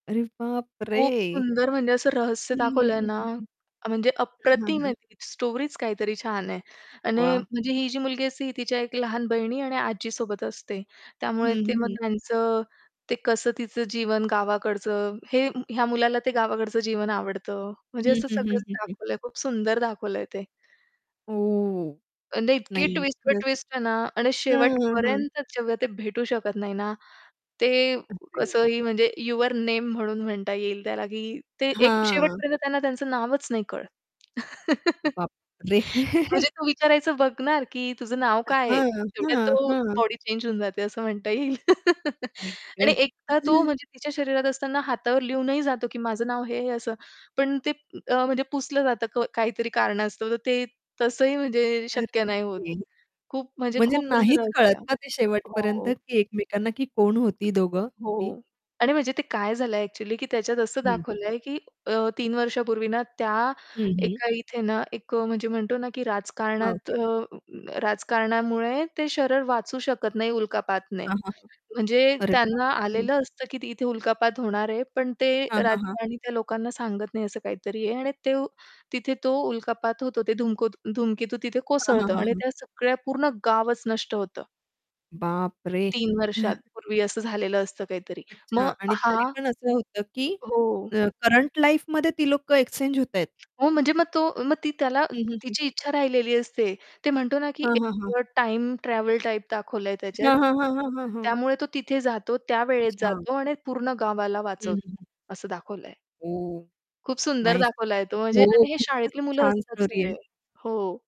अरे बापरे! खूप सुंदर म्हणजे असं रहस्य हं, हं, दाखवलंय ना हं, हं. अ, म्हणजे हां, हां, अप्रतिम हां. आहे ती स्टोरीच काहीतरी छान आहे. आणि वाह! म्हणजे ही जी मुलगी असते, ही तिच्या एक लहान बहिणी आणि आजीसोबत असते. हं, त्यामुळे हं, तेव्हा हं. त्यांचं ते कसं तिचं जीवन गावाकडचं, हे ह्या मुलाला ते गावाकडचं जीवन आवडतं म्हणजे हं, असं हं, हं, सगळंच हं, हं. दाखवलंय. खूप सुंदर दाखवलंय ते. ओह! म्हणजे इतकी नाही ट्विस्ट वर खरंच. ट्विस्ट आहे ना आणि हं, हं, हं. शेवटपर्यंत जेव्हा ते भेटू शकत नाही ना, ते अरे. कसंही म्हणजे यूअर नेम म्हणून म्हणता येईल त्याला, की ते एक हां. शेवटपर्यंत त्यांना त्यांचं नावच नाही कळत. बाप रे! म्हणजे तू विचारायचं बघणार, की तुझं नाव काय आहे? हां, तेवढ्यात हां, तो हां. बॉडी चेंज होऊन जाते असं म्हणता येईल. आई आणि ग! एकदा तो म्हणजे तिच्या शरीरात असताना हातावर लिहूनही जातो, की माझं नाव हे असं. पण ते अ, म्हणजे पुसलं जातं क काहीतरी कारणास्तव, तर ते तसंही म्हणजे शक्य नाही होत. अरे! खूप म्हणजे म्हणजे खूप नाहीच असं कळत रहस्य का ते शेवटपर्यंत, हो. की एकमेकांना की कोण होती दोघं ती? हो आणि म्हणजे ते काय झालंय ॲक्चुअली, की त्याच्यात असं हं. दाखवलंय, की अ, 3 वर्षापूर्वी ना त्या हं, हं. एका इथे ना एक अ, म्हणजे म्हणतो ना, की हां. राजकारणात अ राजकारणामुळे ते शरीर वाचू शकत नाही उल्कापातने. हां, हां, हां. म्हणजे अरे त्यांना बापरे हं. आलेलं असतं, की त इथे उल्कापात होणार आहे, पण ते हां, हां, हां. राजकारणी त्या लोकांना सांगत नाही असं काहीतरी आहे आणि ते तिथे तो उल्कापात होतो. ते धुमको धुमकेतू तिथे हां, हां, कोसळतं हां, आणि हां. त्या सगळ्या पूर्ण गावच नष्ट होतं. बाप रे! 3 वर्षांपूर्वी असं झालेलं असतं काहीतरी. मग अच्छा आणि तरी हा पण असं होतं, की हो. अ, करंट लाईफमध्ये ती लोक एक्सचेंज होतायेत. हो म्हणजे मग तो मग ती त्याला हं, हं, हं. तिची इच्छा राहिलेली असते. ते म्हणतो ना, की हां, एक हां, हां. अ, टाईम ट्रॅव्हल टाइप दाखवलंय त्याच्यात. हां, हां, हां, हां, हां, हां. त्यामुळे तो तिथे जातो, त्यावेळेत अच्छा. जातो आणि पूर्ण गावाला हं, हं, हं. वाचवतो असं दाखवलंय. ओह! खूप सुंदर नाईस! दाखवलाय तो म्हणजे हो अरे, हे खूपच शाळेतली मुलं छान असतात स्टोरी आहे. सगळे. हो.